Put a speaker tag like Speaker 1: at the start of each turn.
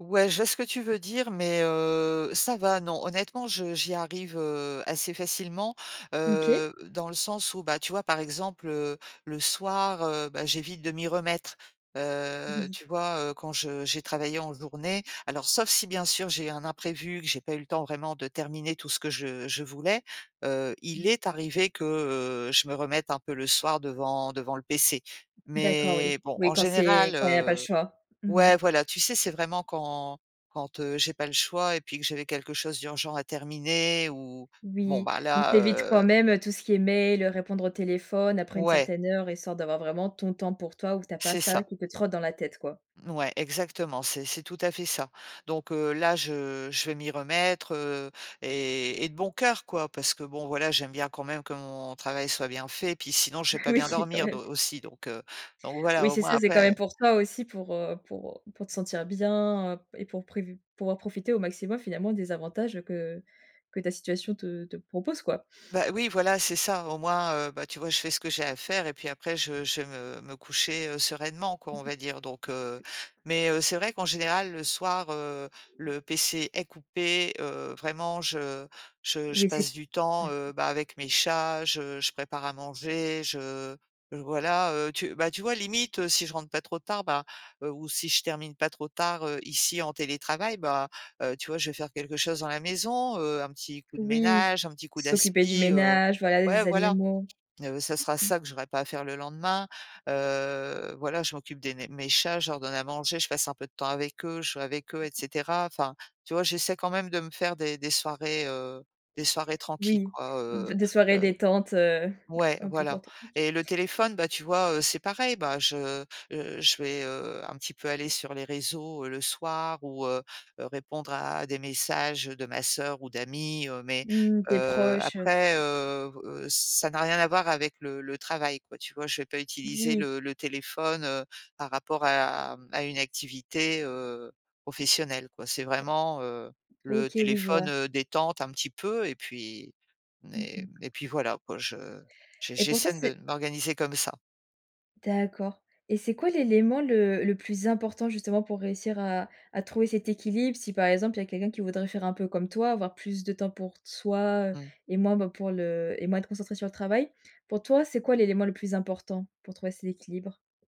Speaker 1: Ouais, je vois ce que tu veux dire, mais heu, ça va, non. Honnêtement, je j'y arrive, heu, assez facilement,
Speaker 2: OK.
Speaker 1: heu, dans le sens où bah, tu vois? Par exemple, heu, le soir, heu, bah, j'évite de m'y remettre. Heu,
Speaker 2: Oui.
Speaker 1: tu vois? Heu, quand je j'ai travaillé en journée alors sauf si bien sûr j'ai un imprévu, que j'ai pas eu le temps vraiment de terminer tout ce que je je voulais. Heu,
Speaker 2: Mmh.
Speaker 1: il est arrivé que, heu, je me remette un peu le soir devant devant le PC
Speaker 2: D'accord oui.
Speaker 1: mais bon,
Speaker 2: Oui
Speaker 1: en
Speaker 2: quand c'est
Speaker 1: général,
Speaker 2: quand il y a pas le
Speaker 1: heu
Speaker 2: choix. Mmh mh.
Speaker 1: ouais voilà, tu sais? C'est vraiment quand quand, heu, j'ai pas le choix et puis que j'avais quelque chose d'urgent à terminer où bon
Speaker 2: Oui
Speaker 1: ben
Speaker 2: donc tu
Speaker 1: là,
Speaker 2: évites quand
Speaker 1: heu
Speaker 2: même, heu, tout ce qui est mail, heu, répondre au téléphone après une
Speaker 1: Ouais.
Speaker 2: certaine heure. Histoire d'avoir vraiment ton temps pour toi ou que tu as pas
Speaker 1: C'est
Speaker 2: ça
Speaker 1: ça.
Speaker 2: qui te trotte dans la tête, quoi?
Speaker 1: Ouais, exactement, c'est c'est tout à fait ça donc heu, là, je je vais m'y remettre, heu, et et de bon cœur quoi parce que bon, voilà, j'aime bien quand même que mon travail soit bien fait. Puis sinon, je vais pas
Speaker 2: Oui,
Speaker 1: bien
Speaker 2: quand
Speaker 1: dormir d
Speaker 2: même.
Speaker 1: aussi donc heu donc voilà,
Speaker 2: Oui
Speaker 1: au
Speaker 2: c'est
Speaker 1: moins
Speaker 2: ça, c'est quand même
Speaker 1: après
Speaker 2: pour toi aussi pour, heu, pour, heu, pour te sentir bien, heu, et pour prévu pour en profiter au maximum finalement, des avantages, heu, que que ta situation te te propose, quoi?
Speaker 1: Bah, oui, voilà, c'est ça. Au moins, heu, bah, tu vois? Je fais ce que j'ai à faire et puis après, je je vais me me coucher, heu, sereinement quoi,
Speaker 2: Mmh
Speaker 1: on va dire, donc heu
Speaker 2: mh.
Speaker 1: mais heu, c'est vrai qu'en général, le soir, heu, le PC est coupé, heu, vraiment, je je je
Speaker 2: Oui, si b
Speaker 1: passe du temps,
Speaker 2: d'accord.
Speaker 1: heu, bah, avec mes chats. Je je prépare à manger, je voilà, heu, tu bah, tu vois? Limite, heu, si je rentre pas trop tard, ben, ou heu, si je termine pas trop tard, heu, ici en télétravail, bah, heu, tu vois? Je vais faire quelque chose dans la maison. Heu, un petit coup de
Speaker 2: Oui s
Speaker 1: ménage, un petit coup
Speaker 2: s'occuper du
Speaker 1: d'aspi heu,
Speaker 2: ménage, voilà
Speaker 1: ouais,
Speaker 2: les
Speaker 1: voilà.
Speaker 2: animaux.
Speaker 1: Heu, ce sera
Speaker 2: Mmh.
Speaker 1: ça que j'aurais pas à faire le lendemain. Heu, voilà, je m'occupe des né mes chats, je leur donne à manger, je passe un peu de temps avec eux, je joue avec eux et cetera. Enfin, tu vois? J'essaie quand même de me faire des des soirées, heu, des soirées tranquilles
Speaker 2: Oui,
Speaker 1: quoi,
Speaker 2: b
Speaker 1: heu,
Speaker 2: des soirées
Speaker 1: heu
Speaker 2: détentes, heu,
Speaker 1: ouais,
Speaker 2: un peu pour
Speaker 1: voilà
Speaker 2: toi, OK.
Speaker 1: et le téléphone, bah, tu vois? Heu, c'est pareil. Bah, je, heu, je vais, heu, un petit peu aller sur les réseaux, heu, le soir ou heu, heu, répondre à des messages, heu, de ma sœur ou d'amis, heu, mais
Speaker 2: Mmh, tes
Speaker 1: heu,
Speaker 2: proches, heu, tout
Speaker 1: après,
Speaker 2: ça.
Speaker 1: heu, b heu, ça n'a rien à voir avec le le travail quoi. Tu vois? Je vais pas utiliser
Speaker 2: Oui.
Speaker 1: le le téléphone, heu, par rapport à mmh, à une activité, heu, professionnelle quoi. C'est vraiment, heu, le
Speaker 2: OK, oui, je
Speaker 1: téléphone,
Speaker 2: vois.
Speaker 1: heu, détente un petit peu et puis
Speaker 2: Mmh mh.
Speaker 1: mais et puis voilà, quoi, je j
Speaker 2: Et pour toi
Speaker 1: j'essaye
Speaker 2: c'est
Speaker 1: de m'organiser comme ça.
Speaker 2: D'accord et c'est quoi l'élément le le plus important justement pour réussir à à trouver cet équilibre? Si par exemple il y a quelqu'un qui voudrait faire un peu comme toi, avoir plus de temps pour t soi, heu,
Speaker 1: Mmh.
Speaker 2: et moins ben, pour le et moins être concentré sur le travail. Pour toi, c'est quoi l'élément le plus important pour trouver cet équilibre?